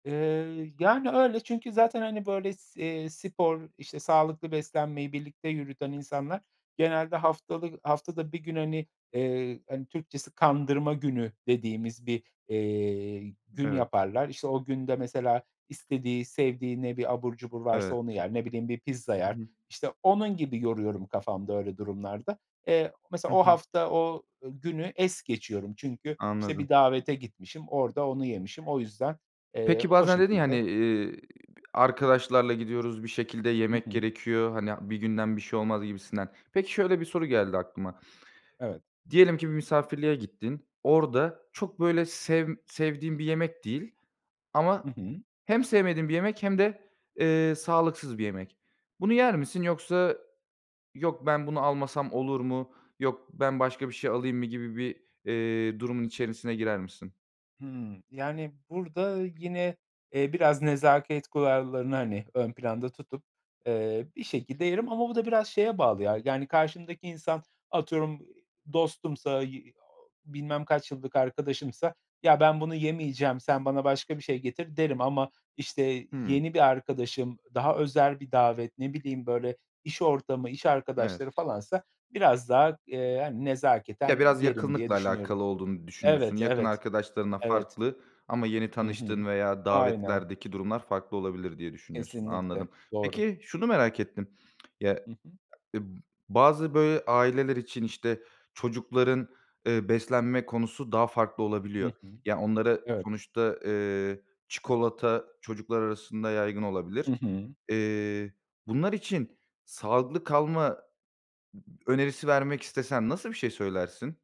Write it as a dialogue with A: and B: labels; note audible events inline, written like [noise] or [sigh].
A: Iıı, yani, öyle çünkü zaten, hani, böyle, s eee, spor, işte, sağlıklı beslenmeyi birlikte yürüten insanlar genelde haftalı haftada 1 gün, hani, eee, hani, Türkçesi "kandırma günü" dediğimiz bir, eee, gün
B: Evet.
A: yaparlar. İşte o günde mesela istediği sevdiği ne bir abur cubur varsa
B: Evet.
A: onu yer. Ne bileyim, bir pizza
B: Hı
A: yer.
B: hı.
A: İşte onun gibi yoruyorum kafamda öyle durumlarda. Eee, mesela
B: Hı
A: o
B: hı.
A: hafta o, ııı, günü es geçiyorum.
B: I
A: Çünkü, işte,
B: anladım.
A: bir davete gitmişim orada onu yemişim. O yüzden, eee,
B: Peki,
A: o
B: bazen dedin ya, hani,
A: şekilde
B: eee, "Arkadaşlarla gidiyoruz, bir şekilde
A: Hı
B: yemek
A: hı.
B: gerekiyor. Hani, bir günden bir şey olmaz." gibisinden. Peki, şöyle bir soru geldi aklıma.
A: Evet.
B: Diyelim ki bir misafirliğe gittin. Orada çok böyle sevm sevdiğin bir yemek değil ama
A: Hı hı.
B: he hem sevmediğin bir yemek hem de, eee, sağlıksız bir yemek. Bunu yer misin? Yoksa, "Yok, ben bunu almasam olur mu? Yok, ben başka bir şey alayım mı?" gibi bir, eee, durumun içerisine girer misin?
A: Hımm, yani, burada yine, eee, biraz nezaket kurallarını, hani, ön planda tutup, eee, bir şekilde yerim. Ama bu da biraz şeye bağlı ya: Yani karşımdaki insan atıyorum, iii, dostumsa y ooo, bilmem kaç yıllık arkadaşımsa, "Ya, ben bunu yemeyeceğim, sen bana başka bir şey getir." derim. Ama, işte,
B: Hımm.
A: yeni bir arkadaşım, daha özel bir davet, ne bileyim, böyle, iş ortamı, iş arkadaşları
B: Evet.
A: falansa biraz daha, eee, hani,
B: Ya,
A: nezaketen
B: biraz
A: yerim, diye
B: yakınlıkla
A: düşünüyorum.
B: alakalı olduğunu düşünüyorsun.
A: Evet,
B: Yakın
A: evet,
B: arkadaşlarınla
A: evet.
B: farklı ama yeni
A: Hı hı.
B: tanıştığın veya
A: Aynen.
B: davetlerdeki durumlar farklı olabilir, diye düşünüyorsun. Anladım.
A: Kesinlikle, doğru.
B: Peki, şunu merak ettim. Ya,
A: Hı hı.
B: [smacks lips] ımm, bazı, böyle, aileler için, işte, çocukların, ııı, beslenme konusu daha farklı
A: Hı
B: olabiliyor.
A: hı.
B: Ya, onlara
A: Evet.
B: Sonuçta, eee, çikolata çocuklar arasında yaygın
A: Hı
B: olabilir.
A: hı.
B: Eee, bunlar için sağlıklı kalma ı ı önerisi vermek istesen nasıl bir şey söylersin?